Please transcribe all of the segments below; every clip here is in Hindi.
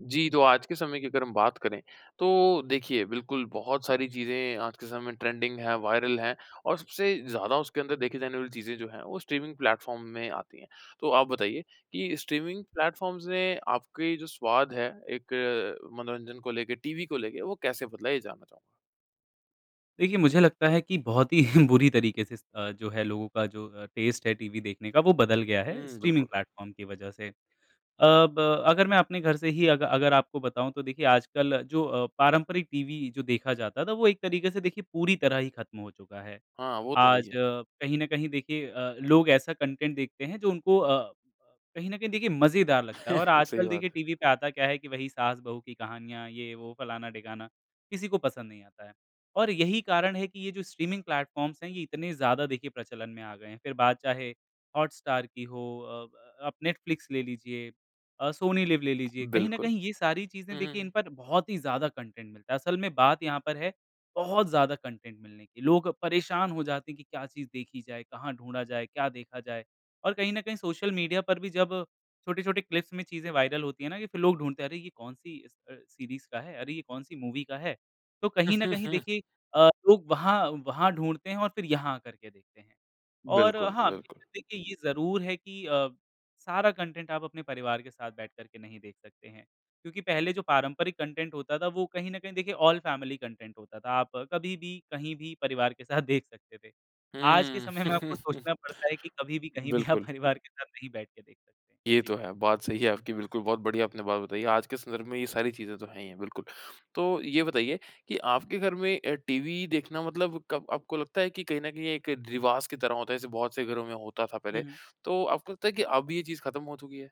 जी। तो आज के समय की अगर हम बात करें तो देखिए बिल्कुल बहुत सारी चीज़ें आज के समय ट्रेंडिंग है, वायरल हैं और सबसे ज़्यादा उसके अंदर देखी जाने वाली चीज़ें जो है वो स्ट्रीमिंग प्लेटफ़ॉर्म में आती हैं। तो आप बताइए कि स्ट्रीमिंग प्लेटफ़ॉर्म्स ने आपके जो स्वाद है एक मनोरंजन को लेके टीवी को लेके वो कैसे बदला है ये जानना चाहूँगा? देखिए मुझे लगता है कि बहुत ही बुरी तरीके से इस अ, जो है लोगों का जो अ, टेस्ट है टीवी देखने का वो बदल गया है हुँ, स्ट्रीमिंग बिल्कुल। प्लेटफ़ॉर्म की वज़ह से। अब अगर मैं अपने घर से ही अग अगर आपको बताऊँ तो देखिए आजकल जो अ, पारंपरिक टीवी जो देखा जाता था वो एक तरीके से देखिए पूरी तरह ही ख़त्म हो चुका है। हाँ। वो तो है आज ही है। कहीं न कहीं देखिए अ, लोग ऐसा कंटेंट देखते हैं जो उनको अ, कहीं न कहीं देखिए मज़ेदार लगता है। और सही आजकल बात देखिए है। टीवी पे आता क्या है कि वहीं सास-बहू की कहानियाँ ये वो फ़लाना-डिगाना, किसी को पसंद नहीं आता है। और यहीं कारण है कि ये जो स्ट्रीमिंग प्लेटफ़ॉर्म्स हैं ये इतने ज़्यादा देखिए प्रचलन में आ गए हैं। फ़िर बात चाहे हॉटस्टार की हो, अ, ब आप नेटफ्लिक्स ले लीजिए, अ, सोनी लिव ले लीजिए। कहीं न बिल्कुल। कहीं ये सारी चीज़ें हुँ, हुँ, देखिए इन हुँ। पर बहुत ही ज़्यादा कंटेंट मिलता है। असल में बात यहाँ पर है, बहुत ज्यादा कंटेंट मिलने की। लोग परेशान हो जाते हैं कि क्या चीज़ देखी जाए, कहाँ ढूँढा जाए, क्या देखा जाए? और कहीं न कहीं सोशल मीडिया पर भी जब छोटे-छोटे क्लिप्स में चीज़ें वायरल होती है ना, कि फ़िर लोग ढूँढते हैं अरे! ये कौन-सी अ, स अ, सीरीज़ का है, अरे! ये कौन-सी मूवी का है? तो कहीं न कहीं देखिए अ, लोग वहाँ वहाँ ढूँढते हैं और फ़िर यहाँ आ करके देखते हैं। और बिल्कुल, हाँ, बिल्कुल। देखिये ये ज़रूर है कि अ, सारा कंटेंट आप अपने परिवार के साथ बैठ करके नहीं देख सकते हैं। क्योंकि पहले जो पारंपरिक कंटेंट होता था वो कहीं न कहीं देखिए ऑल फैमिली कंटेंट होता था। आप कभी भी कहीं भी परिवार के साथ देख सकते थे। आज के हुँ। समय में आपको सोचना पड़ता है कि कभी भी कहीं भी आप बिल्कुल। परिवार के साथ नहीं बैठ के देख सकते। ये जी। तो है, बात सही है। आपकी बिल्कुल बहुत बढ़िया आपने बात बताई है। आज के संदर्भ में ये सारी चीज़ें तो हैं ही है बिल्कुल। तो ये बताइए कि आपके घर में अ, टीवी देखना मतलब कब आपको लगता है कि कहीं न कहीं एक रिवाज़ की तरह होता है जैसे बहुत से घरों में होता था हुँ, पहले। हुँ। तो आपको लगता है कि अब ये चीज़ ख़त्म हो चुकी है?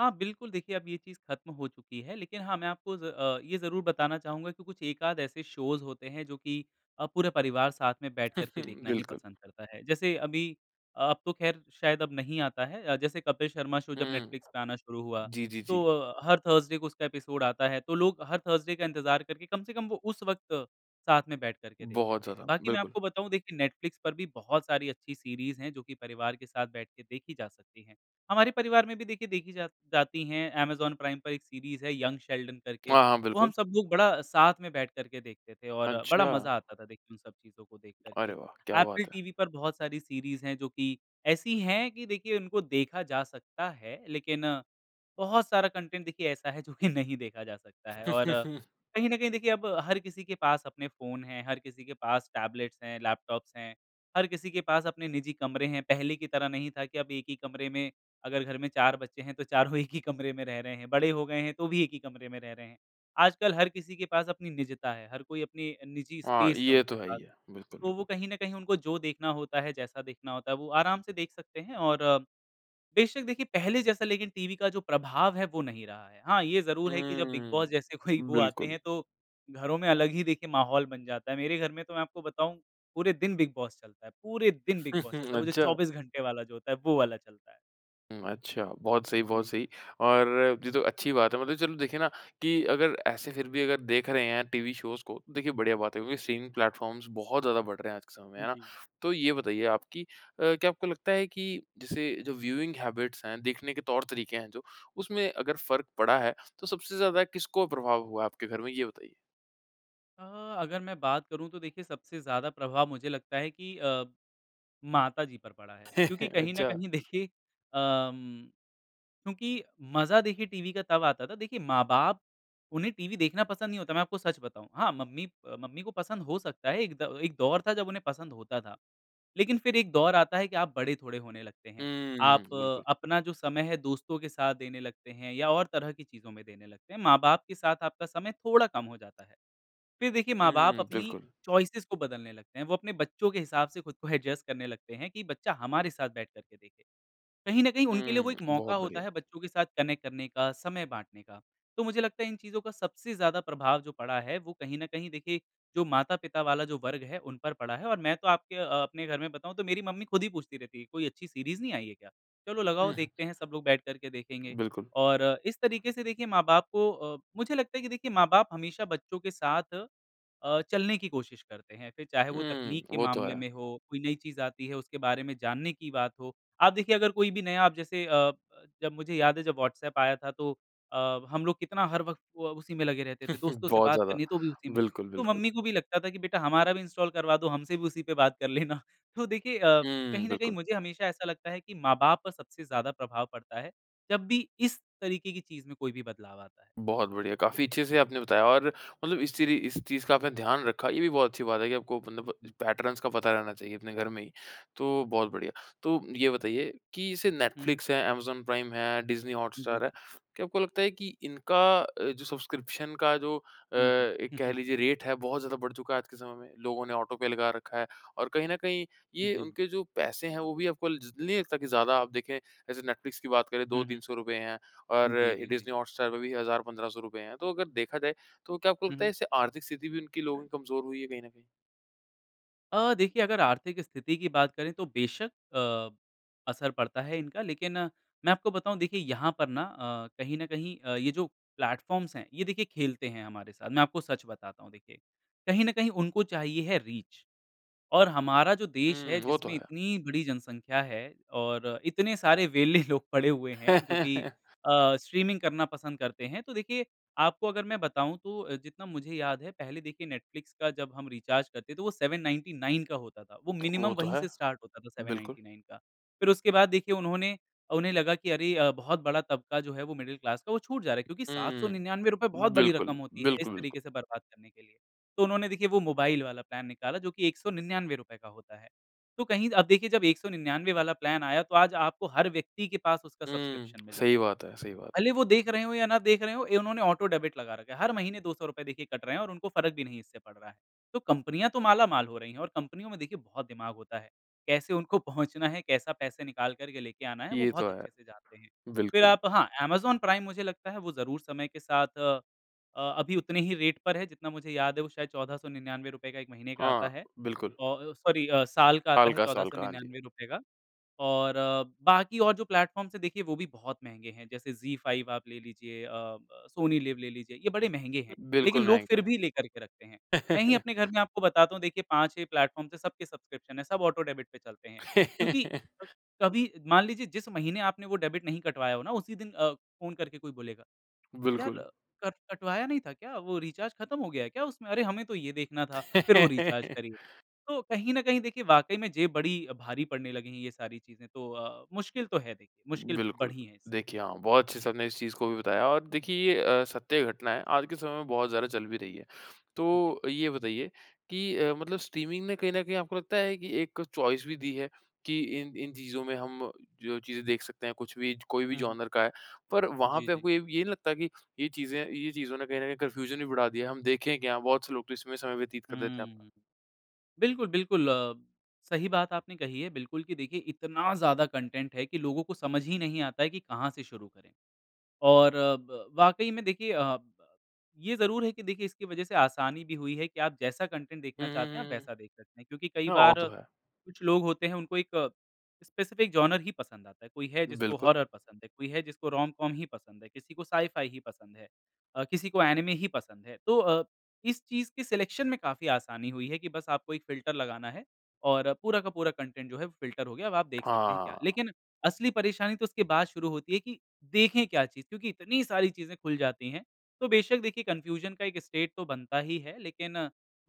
हाँ बिल्कुल, देखिए अब ये चीज़ खत्म हो चुकी है, लेकिन हाँ मैं आपको ज़ अ, ये ज़रूर बताना चाहूँगा कि कुछ एकाध ऐसे शोज़ होते हैं जो की अ, पूरे परिवार साथ में बैठ करके देखना ही बिल्कुल। पसंद करता है। जैसे अभी अ अब तो खैर शायद अब नहीं आता है अ, जैसे कपिल शर्मा शो जब हुँ। नेटफ्लिक्स पे आना शुरू हुआ जी, जी, तो जी। अ, हर थर्सडे को उसका एपिसोड आता है तो लोग हर थर्सडे का इंतज़ार करके, कम से कम वो उस वक्त साथ में बैठ कर के देखते बहुत थे। ज़्यादा, बाकी मैं बिल्कुल। आपको बताऊँ देखिए नेटफ्लिक्स पर भी बहुत सारी अच्छी सीरीज़ हैं जो कि परिवार के साथ बैठ के देखी जा सकती हैं। हमारे परिवार में भी देखिए देखी जा जाती हैं। अमेज़न प्राइम पर एक सीरीज़ है यंग शेल्डन करके, हाँ, हाँ वो हम बिल्कुल। सब लोग बड़ा साथ में बैठ कर के देखते थे और बड़ा अच्छा! मज़ा आता था देख उन सब चीजों को देख कर के। अरे वाह, क्या एप्पल बात है। टीवी पर बहुत सारी सीरीज़ है जो कि ऐसी है कि देखिए उनको देखा जा सकता है, लेकिन बहुत सारा कंटेंट देखिए ऐसा है जो कि नहीं देखा जा सकता है और कहीं न कहीं देखिए अब हर किसी के पास अपने फ़ोन हैं, हर किसी के पास टैबलेट्स हैं, लैपटॉप्स हैं, हर किसी के पास अपने निजी कमरे हैं। पहले की तरह नहीं था कि अब एक ही कमरे में अगर घर में 4 बच्चे हैं, तो चारों एक ही कमरे में रह रहे हैं बड़े हो गए हैं, तो भी एक ही कमरे में रह रहे हैं। आजकल हर किसी के पास अपनी निजता है, हर कोई अपनी अ, निजी हाँ, स्पेस है ये तो उनके है ही पास। है। बिल्कुल, तो वो बिल्कुल। कहीं न कहीं उनको जो देखना होता है, जैसा देखना होता है, वो आराम से देख सकते हैं और अ, बेशक देखिए पहले जैसा लेकिन टीवी का जो प्रभाव है वो नहीं रहा है। हाँ, ये ज़रूर है कि जब बिग हुँ, बॉस जैसे कोई वो आते बिल्कुल। हैं तो घरों में अलग ही देखिए माहौल बन जाता है। मेरे घर में तो मैं आपको बताऊँ पूरे दिन बिग बॉस चलता है, पूरे दिन बिग बॉस चलता है, वो जो अच्छा। 24 घंटे वाला जो होता है, वो वाला चलता है। हुँ, अच्छा। बहुत सही, बहुत जी। सही। और ये तो अच्छी बात है। मतलब चलो देखिए ना कि अगर ऐसे फिर भी अगर देख रहे हैं टीवी शोज़ को देखिए बढ़िया बात है क्योंकि स्ट्रीमिंग प्लेटफॉर्म्स बहुत ज़्यादा बढ़ रहे हैं आज के समय में है उम, ना? जी। तो ये बताइए आप कि अ, क्या आपको लगता है कि जैसे जो व्यूइंग हैबिट्स हैं देखने के तौर-तरीके हैं जो उसमें अगर फर्क पड़ा है तो सबसे ज्यादा किसको प्रभाव हुआ है आपके घर में ये बताइए? अ, अगर मैं बात करूँ तो देखिए सबसे ज़्यादा प्रभाव मुझे लगता है कि अ, माताजी पर पड़ा है। क्योंकि कहीं न अच्छा। कहीं देखिए अ, उम, क्योंकि मज़ा देखिए टीवी का तब आता था, देखिए माँ-बाप उन्हें टीवी देखना पसंद नहीं होता। मैं आपको सच बताऊँ। हाँ, मम्मी अ, मम्मी को पसंद हो सकता है एक द एक दौर था जब उन्हें पसंद होता था। लेकिन फिर एक दौर आता है कि आप बड़े थोड़े होने लगते हैं। हुँ। आप बिल्कुल। अपना जो समय है दोस्तों के साथ देने लगते हैं या और तरह की चीज़ों में देने लगते हैं। माँ-बाप के साथ आपका समय थोड़ा कम हो जाता है। फिर देखिए माँ बाप हुँ, अपनी बिल्कुल। चॉइसेस को बदलने लगते हैं। वो अपने बच्चों के हिसाब से खुद को एडजस्ट करने लगते हैं कि बच्चा हमारे साथ बैठ कर के देखे। कहीं न कहीं उनके हुँ, लिए वो एक मौका बहुत होता बढ़िया। है बच्चों के साथ कनेक्ट करने का समय बाँटने का। तो मुझे लगता है इन चीजों का सबसे ज़्यादा प्रभाव जो पड़ा है वो कहीं न कहीं देखिए जो माता-पिता वाला जो वर्ग है उन पर पड़ा है, और मैं तो आपके अ, अपने घर में बताऊँ तो मेरी मम्मी खुद ही पूछती रहती है। कोई अच्छी सीरीज़ नहीं आयी है क्या? चलो लगाओ उह देखते हैं सब लोग बैठ करके देखेंगे। बिल्कुल। और इस तरीके से देखिए माँ-बाप को अ, मुझे लगता है कि देखिए माँ-बाप हमेशा बच्चों के साथ अ, चलने की कोशिश करते हैं। फिर चाहे वो तकनीक उम, के वो तो मामले है। में हो, कोई नई चीज़ आती है उसके बारे में जानने की बात हो। आप देखिए अगर कोई भी नया अब जैसे अ अ, जब मुझे याद है जब वहाट्सएप आया था तो अ, हम लोग कितना हर वक्त व उसी में लगे रहते थे दोस्तों से बहुत बात ज़्यादा। करनी है तो भी उसी में। बिल्कुल, तो बिल्कुल। मम्मी को भी लगता था कि बेटा हमारा भी इंस्टॉल करवा दो, हमसे भी उसी पे बात कर लेना। तो देखिए अ, हुँ, कहीं न कहीं बिल्कुल। मुझे हमेशा ऐसा लगता है कि माँ-बाप पर सबसे ज़्यादा प्रभाव पड़ता है, जब भी इस तरीके की चीज़ में कोई भी बदलाव आता है। बहुत बढ़िया। काफ़ी अच्छे से आपने बताया और मतलब इस तरी इस चीज़ का आपने ध्यान रखा ये भी बहुत अच्छी बात है कि आपको मतलब पैटर्न्स का पता रहना चाहिए अपने घर में ही, तो बहुत बढ़िया। तो ये बताइए कि जैसे हुँ, हुँ। नेटफ़्लिक्स है, अमेज़न प्राइम है, डिज़नी हॉटस्टार है। जी। क्या आपको लगता है कि इनका अ, जो सब्सक्रिप्शन का जो अ, हुँ, हुँ। एक कह लीजिए रेट है बहुत ज़्यादा बढ़ चुका है आज के समय में? लोगों ने ऑटो पे लगा रखा है। और कहीं न कहीं ये जी। उनके जो पैसे हैं वो भी आपको ज नहीं लगता कि ज़्यादा आप देखें जैसे नेटफ्लिक्स की बात करें 2 हुँ, तीन हुँ। सौ रुपए हैं और जी, जी, जी। डिज़नी हॉटस्टार पे भी 1000 1500 रुपए हैं। तो अगर देखा जाए तो क्या आपको हुँ, लगता हुँ। है इससे आर्थिक स्थिति भी उनकी लोगों की कमजोर हुई है कहीं न कहीं? अ, देखिए अगर आर्थिक स्थिति की बात करें तो बेशक अ, असर पड़ता है इनका लेकिन मैं आपको बताऊँ देखिए यहाँ पर ना अ, कहीं न कहीं अ, ये जो प्लेटफॉर्म्स हैं, ये देखिए खेलते हैं हमारे साथ। मैं आपको सच बताता हूँ देखिए। कहीं न कहीं उनको चाहिए है रीच और हमारा जो देश है, हुँ, वो तो जिसमें है। इतनी बड़ी जनसंख्या है और इतने सारे वेले लोग पड़े हुए हैं जो कि अ, स्ट्रीमिंग करना पसंद करते हैं। तो देखिए आपको अगर मैं बताऊँ तो जितना मुझे याद है पहले देखिए नेटफ्लिक्स का जब हम रिचार्ज करते तो वो 799 का होता था। वो वो मिनिमम तो वहीं है, से स्टार्ट होता था सेवन बिल्कुल। नाइनटी नाइन का। फिर उसके बाद देखिए उन्होंने अ, उन्हें लगा कि अरे अ, बहुत बड़ा तबका जो है वो मिडल क्लास का वो छूट जा रहा है क्योंकि सात सौ हुँ। निन्यानवे रुपए बहुत बड़ी बिल्कुल, रकम होती है इस बिल्कुल, बिल्कुल। तरीके से बर्बाद करने के लिए। तो उन्होंने देखिए वो मोबाइल वाला प्लान निकाला जो कि 199 रुपए का होता है। तो कहीं अब देखिए जब 199 वाला प्लान आया तो आज आपको हर व्यक्ति के पास उसका हुँ, सब्सक्रिप्शन सही मिलेगा। बात है सही बात है। भले वो देख रहे हो या ना देख रहे हो ए, उन्होंने ऑटो डेबिट लगा रखा है। हर महीने 200 रुपए देखिए कट रहे हैं और उनको फ़र्क भी नहीं इससे पड़ रहा है। तो कंपनियाँ तो मालामाल हो रही हैं और कंपनियों में देखिए बहुत दिमाग होता है। कैसे उनको पहुँचना है, कैसा पैसे निकाल कर के लेके आना है वो ये बहुत तो है, अच्छे से जानते हैं। फिर बिल्कुल। आप हाँ, अमेज़न प्राइम मुझे लगता है वो ज़रूर समय के साथ अ अ, अभी उतने ही रेट पर है जितना मुझे याद है वो शायद 1499 रुपए का 1 महीने का आता हाँ, है बिल्कुल। औ औ सॉरी अ, साल का आता साल है का चौदह साल सौ का, हाँ जी। निन्यानवे रुपए का। और बाकी और जो प्लेटफॉर्म्स हैं देखिए, वो भी बहुत महँगे हैं जैसे ज़ी फाइव आप ले लीजिए, अ, ब सोनी लिव ले लीजिए ये बड़े महँगे हैं, लेकिन बिल्कुल, लोग महँगे फिर हैं। भी लेकर के रखते हैं। मैं ही अपने घर में आपको बताता हूँ देखिए 5-6 प्लेटफॉर्म्स हैं सब के सब्सक्रिप्शन हैं सब ऑटो डेबिट पे चलते हैं। क्योंकि अ, कभी मान लीजिए जिस महीने आपने वो डेबिट नहीं कटवाया हो ना उसी दिन अ, फ़ोन करके कोई बोलेगा यार बिल्कुल। कर कट कटवाया नहीं था क्या? वो रिचार्ज खत्म हो गया है क्या उसमें? अरे, हमें तो ये देखना था, फिर वो रिचार्ज करिए। तो कहीं न कहीं देखिए वाक़ई में जेब बड़ी अ, भारी पड़ने लगी है ये सारी चीज़ें तो अ, मुश्किल तो है देखिए मुश्किल बिल्कुल। बढ़ी है इससे। देखिए हाँ, बहुत अच्छे आपने इस चीज़ को भी बताया और देखिए ये अ, सत्य घटना है। आज के समय में बहुत ज़्यादा चल भी रही है। जी। तो ये बताइए कि अ, मतलब स्ट्रीमिंग ने कहीं न कहीं आपको लगता है कि एक चॉइस भी दी है कि इन इन चीज़ों में हम जो चीज़ें देख सकते हैं कुछ भी च कोई भी हुँ, हुँ। जॉनर का है। पर वहाँ जी, पे जी। आपको ये, ये नहीं लगता कि ये चीज़ें ये चीज़ों ने कहीं न कहीं कन्फ्यूज़न भी बढ़ा दिया है हम देखें क्या? बहुत से लोग तो इसमें समय व्यतीत कर देते हैं अपना। हम्म। बिल्कुल, बिल्कुल अ, सही बात आपने कही है बिल्कुल कि देखिए इतना ज़्यादा कंटेंट है कि लोगों को समझ ही नहीं आता है कि कहाँ से शुरू करें। और अ, ब वाक़ई में देखिए अ, ये ज़रूर है कि देखिए इसकी वजह से आसानी भी हुई है कि आप जैसा कंटेंट हुँ, देखना हुँ, चाहते हैं आप हुँ, हुँ। वैसा देख सकते हैं क्योंकि कई हाँ, वो बार तो है। कुछ लोग होते हैं उनको एक स्पेसिफ़िक जॉनर ही पसंद आता है। कोई है जिसको बिल्कुल। हॉरर पसंद है, कोई है जिसको रोम-कॉम ही पसंद है, किसी को साइ-फ़ाई ही पसंद है अ, किसी को एनिमे ही पसंद है। तो अ, इस चीज़ की सिलेक्शन में काफ़ी आसानी हुई है कि बस आपको एक फ़िल्टर लगाना है और पूरा का पूरा कंटेंट जो है वो फ़िल्टर हो गया। अब आप देख सकते हैं क्या? हाँ। लेकिन असली परेशानी तो उसके बाद शुरू होती है कि देखें क्या चीज़? क्योंकि इतनी सारी चीज़ें खुल जाती हैं। तो बेशक देखिए कन्फ्यूज़न का एक स्टेट तो बनता ही है लेकिन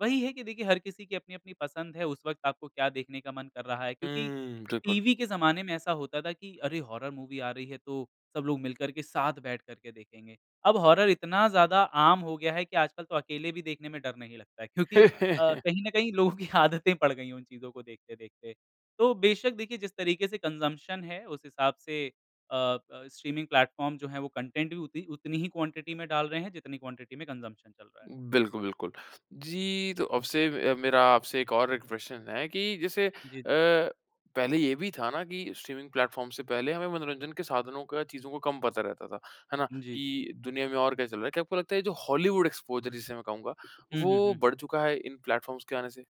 वही है कि देखिए हर किसी की अपनी-अपनी पसंद है, उस वक़्त आपको क्या देखने का मन कर रहा है क्योंकि हम्म, बिल्कुल। टीवी के ज़माने में ऐसा होता था कि अरे, हॉरर मूवी आ रही है तो सब लोग मिलकर के साथ बैठकर के देखेंगे। अब हॉरर इतना ज़्यादा आम हो गया है कि आजकल तो अकेले भी देखने में डर नहीं लगता है क्योंकि अ, कहीं न कहीं लोगों की आदतें पड़ गई हैं उन चीज़ों को देखते-देखते। तो बेशक देखिए जिस तरीके से कंजम्पशन है उस हिसाब से अ अ, स्ट्रीमिंग प्लेटफॉर्म जो है वो कंटेंट भी उती उतनी ही क्वांटिटी में डाल रहे हैं जितनी क्वांटिटी में कंजम्पशन चल रहा है। बिल्कुल, बिल्कुल। जी, तो अबसे अ, मेरा आपसे एक और एक प्रश्न है कि जैसे अ, जी, जी। पहले ये भी था ना कि स्ट्रीमिंग प्लेटफॉर्म से पहले हमें मनोरंजन के साधनों का चीज़ों को कम पता रहता था। है ना? जी, जी। कि दुनिया में और क्या चल रहा है। क्या आपको लगता है ये जो हॉलीवुड एक्सपोज़र जिसे मैं कहूँगा हुँ, हुँ, वो हुँ, हुँ। बढ़ चुका है इन प्लेटफॉर्म्स के आने से?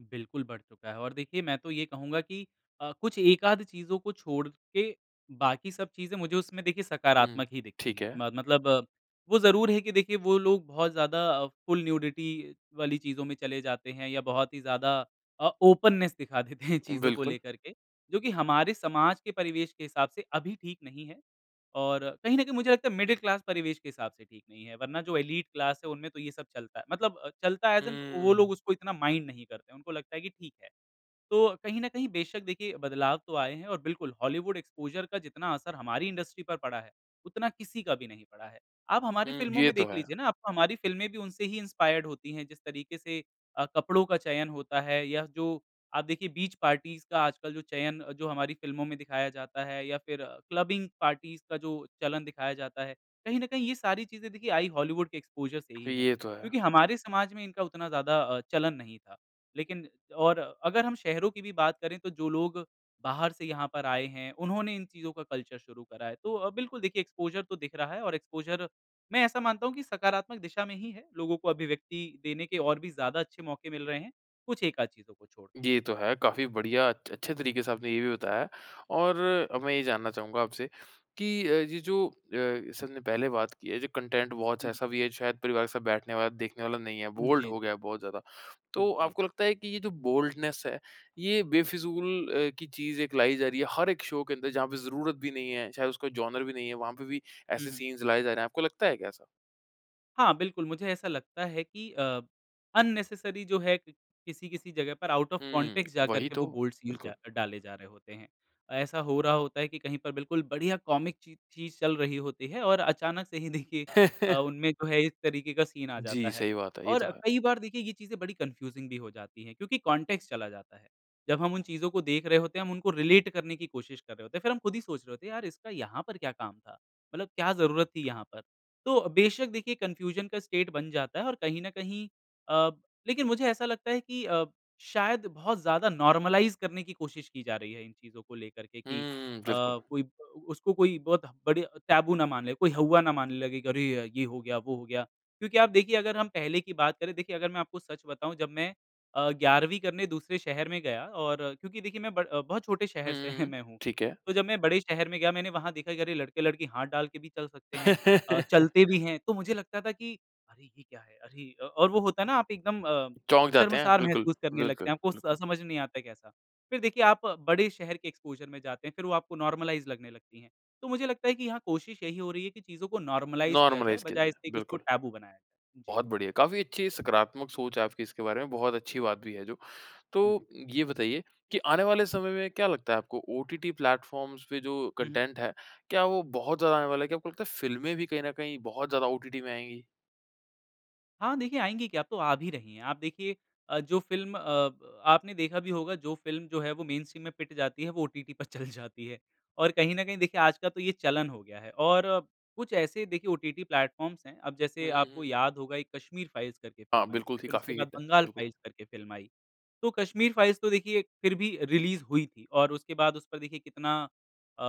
बिल्कुल बढ़ चूका है और देखिए, मैं तो ये कहूँगा की अ, कुछ एक-आध चीज़ों को छोड़ के, बाकी सब चीज़ें मुझे उसमें देखिये हुँ। सकारात्मक ही दिखती ठीक हैं। है। म मतलब वो ज़रूर है कि देखिए, वो लोग बहुत ज़्यादा फुल न्यूडिटी वाली चीज़ों में चले जाते हैं या बहुत ही ज़्यादा अ, ओपननेस दिखा देते हैं चीज़ों को बिल्कुल। लेकर के, जो कि हमारे समाज के परिवेश के हिसाब से अभी ठीक नहीं है और कहीं न कहीं मुझे लगता है, मिडिल क्लास परिवेश के हिसाब से ठीक नहीं है। वरना जो एलीट क्लास है, उनमें तो ये सब चलता मतलब अ, चलता है ऐज़ इन वो हुँ। लोग उसको इतना माइंड नहीं करते, उनको लगता है कि ठीक है। तो कहीं न कहीं बेशक, देखिए, बदलाव तो आए हैं और बिल्कुल, हॉलीवुड एक्सपोज़र का जितना असर हमारी इंडस्ट्री पर पड़ा है, उतना किसी का भी नहीं पड़ा है। आप हुँ, हमारी फ़िल्मों ये में तो देख है। लीजिए ना, अब हमारी फिल्में भी उनसे ही इंस्पायर्ड होती हैं, जिस तरीके से अ, कपड़ों का चयन होता है या जो आप देखिए, बीच पार्टीज़ का आजकल जो चयन, जो हमारी फिल्में में दिखाया जाता है या फिर क्लबिंग पार्टीज़ का जो चलन दिखाया जाता है। कहीं न कहीं ये सारी चीज़ें, देखिए, आई हॉलीवुड के एक्सपोज़र से ही हैं ये तो है। क्योंकि हमारे समाज में इनका उतना ज़्यादा अ, चलन नहीं था। लेकिन और अगर हम शहरों की भी बात करें, तो जो लोग बाहर से यहाँ पर आए हैं, उन्होंने इन चीज़ों का कल्चर शुरू करा है। तो अ, बिल्कुल देखिए, एक्सपोज़र तो दिख रहा है और एक्सपोज़र मैं ऐसा मानता हूँ कि सकारात्मक दिशा में ही है, लोगों को अभिव्यक्ति देने के और भी ज़्यादा अच्छे मौके मिल रहे हैं, कुछ एक-आध चीज़ों को छोड़। ये तो है। काफ़ी बढ़िया, अछ अच्छे तरीके से आपने ये भी बताया है और अब मैं ये जानना चाहूँगा आपसे कि अ, ये जो अ, जैसे हमने पहले बात की है, जो कंटेंट बहुत-सा हुँ। ऐसा भी है, जो शायद परिवार के साथ बैठने वाला, देखने वाला नहीं है, बोल्ड जी। हो गया है बहुत ज़्यादा। तो जी। आपको लगता है कि ये जो बोल्डनेस है, ये बेफिज़ूल अ, की चीज़ एक लाई जा रही है, हर एक शो के अंदर, जहाँ पे ज़रूरत भी नहीं है, चाहे उसका जॉनर भी नहीं है, वहाँ पे भी हुँ, ऐसे हुँ। सीन्स लाए जा रहे हैं। आपको लगता है क्या ऐसा? हाँ, बिल्कुल। मुझे ऐसा लगता है कि अ, अननेसेसरी जो है क किसी-किसी जगह पर आउट ऑफ़ हुँ। कॉन्टेक्स्ट जाकर वहीं के वो तो। बोल्ड सीन्स डा बिल्कुल। डाले जा रहे होते हैं। ऐसा हो रहा होता है कि कहीं पर बिल्कुल बढ़िया कॉमिक ची चीज़ ठीक चल रही होती है और अचानक से ही देखिए अ, उनमें जो है इस तरीके का सीन आ जी। जाता है। सही बात है ये तो और है। कई बार देखिए ये चीज़ें बड़ी कन्फ़्यूज़िंग भी हो जाती हैं क्योंकि कॉन्टेक्स्ट चला जाता है। जब हम उन चीजों को देख रहे होते हैं हम उनको रिलेट करने की कोशिश कर रहे होते हैं। फ़िर हम खुद ही सोच रहे होते हैं यार इसका यहाँ पर क्या काम था? मतलब क्या जरूरत थी यहाँ पर? तो बेशक देखिए कन्फ़्यूज़न का स्टेट बन जाता है और कहीं न कहीं अ, लेकिन मुझे ऐसा लगता है कि अ, शायद बहुत ज़्यादा नॉर्मलाइज़ करने की कोशिश की जा रही है इन चीजों को लेकर के कि अ, हुँ, बिल्कुल। कोई ब उसको कोई बहुत बड़ी टैबू ना मान ले, कोई हौवा ना मानने लगे कि अरे! ये हो गया वो हो गया। क्योंकि आप देखिए अगर हम पहले की बात करें देखिए अगर मैं आपको सच बताऊँ जब मैं अ, 11वीं करने दूसरे शहर में गया और क्योंकि देखिए मैं ब बहुत छोटे शहर हुँ, से हुँ, हुँ। मैं हूँ। ठीक है। तो जब मैं बड़े शहर में गया मैंने वहाँ देखा कि अरे! लड़के-लड़की हाथ डाल के भी चल सकते हैं, अ, चलते भी हैं। तो मुझे लगता था कि अरे! ये क्या है? अरे! अ, और वो होता है ना आप एकदम अ, चौंक जाते हैं। शर्मसार बिल्कुल, महसूस करने लगते बिल्कुल, हैं। आपको बिल्कुल। स समझ में नहीं आता है कैसा। फ़िर देखिए आप बड़े शहर के एक्सपोज़र में जाते हैं, फ़िर वो आपको नॉर्मलाइज़ लगने लगती हैं। तो मुझे लगता है कि यहाँ कोशिश यहीं हो रही है कि चीज़ों को नॉर्मलाइज़ किया जाए नोर्मलाइज़ किया बजाए जाए। इसके उसको बिल्कुल। टैबू बनाया जाए। जी। बहुत बढ़िया। काफ़ी अच्छी सकारात्मक सोच है आपकी इसके बारे में बहुत अच्छी बात भी है जो। हाँ जी। तो ये बताइए कि आने वाले समय में क्या लगता है आपको? ओटीटी प्लेफ़ॉर्म्स पे जो हुँ, हुँ। कंटेंट है, क्या वो बहुत ज़्यादा आने वाला है? क्या आपको लगता है फ़िल्में भी कहीं न कहीं बहुत ज़्यादा ओटीटी में आएँगी? हाँ देखिए, आएँगी क्या, अब तो आ भी रही हैं। आप देखिए अ, जो फ़िल्म अब आपने देखा भी होगा, जो फ़िल्म जो है, वो मेनस्ट्रीम में पिट जाती है, वो ओटीटी पर चल जाती है। और कहीं न कहीं देखिए, आज का तो ये चलन हो गया है और कुछ ऐसे देखिए ओटीटी प्लेटफ़ॉर्म्स हैं। अब हुँ, जैसे हुँ, आपको हुँ। याद होगा, एक कश्मीर फ़ाइल्स करके हाँ फ़िल्म आयी बिल्कुल थी। थी, फिर उसके काफ़ी बाद हिट है। बंगाल बिल्कुल। फ़ाइल्स करके फ़िल्म आयी। तो कश्मीर फ़ाइल्स तो देखिए फिर भी रिलीज़ हुई थी और उसके बाद उस पर देखिए कितना अ,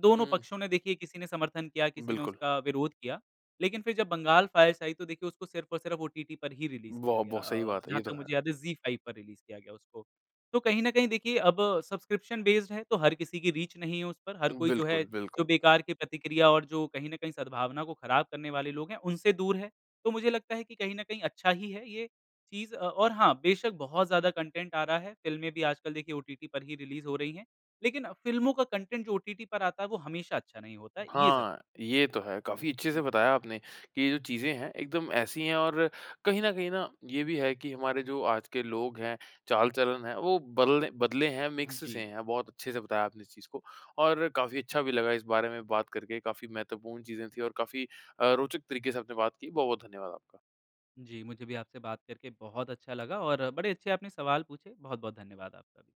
दोनों हुँ, हुँ। पक्षों ने देखिए, किसी ने समर्थन किया, किसी ने बिल्कुल। उसका विरोध किया, लेकिन फिर जब बंगाल फ़ाइल्स आयी, तो देखिए उसको सिर्फ़ और सिर्फ़ ओटीटी पर ही रिलीज़ किया वाह! गया। बहुत सही अ, बात है, जहाँ ये तो तक है। मुझे याद है ज़ी फ़ाइव पर रिलीज़ किया गया उसको। तो कहीं न कहीं देखिए अब सब्सक्रिप्शन बेस्ड है, तो हर किसी की रीच नहीं है उस पर, हर कोई जो है, बिल्कुल, जो बिल्कुल। बेकार की प्रतिक्रिया और जो कहीं न कहीं सद्भावना को खराब करने वाले लोग है, उनसे दूर है। तो मुझे लगता है कि कहीं न कहीं अच्छा ही है ये चीज़ अ, और हाँ बेशक बहुत ज़्यादा कंटेंट आ रहा है। फ़िल्में भी आजकल देखिए ओटीटी पर ही रिलीज़ हो रही है। लेकिन फ़िल्मों का कंटेंट जो ओटीटी पर आता है, वो हमेशा अच्छा नहीं होता है, ये ज़ हाँ, ये तो है। काफ़ी अच्छे से हुँ। बताया आपने कि ये जो चीज़ें हैं, एकदम ऐसी है और कहीं न कहीं ना ये भी है कि हमारे जो आज के लोग हैं चाल-चलन है, वो बल्ले बदले हैं, मिक्स से जी। हैं। बहुत अच्छे से बताया आपने इस चीज़ को और काफ़ी अच्छा भी लगा इस बारे में बात करके। काफ़ी महत्वपूर्ण चीज़ें थी और काफ़ी अ, रोचक तरीके से आपने बात की। बहुत-बहुत धन्यवाद आपका। जी, मुझे भी आपसे बात करके बहुत अच्छा लगा और बड़े अच्छे आपने सवाल पूछे, बहुत-बहुत धन्यवाद आपका।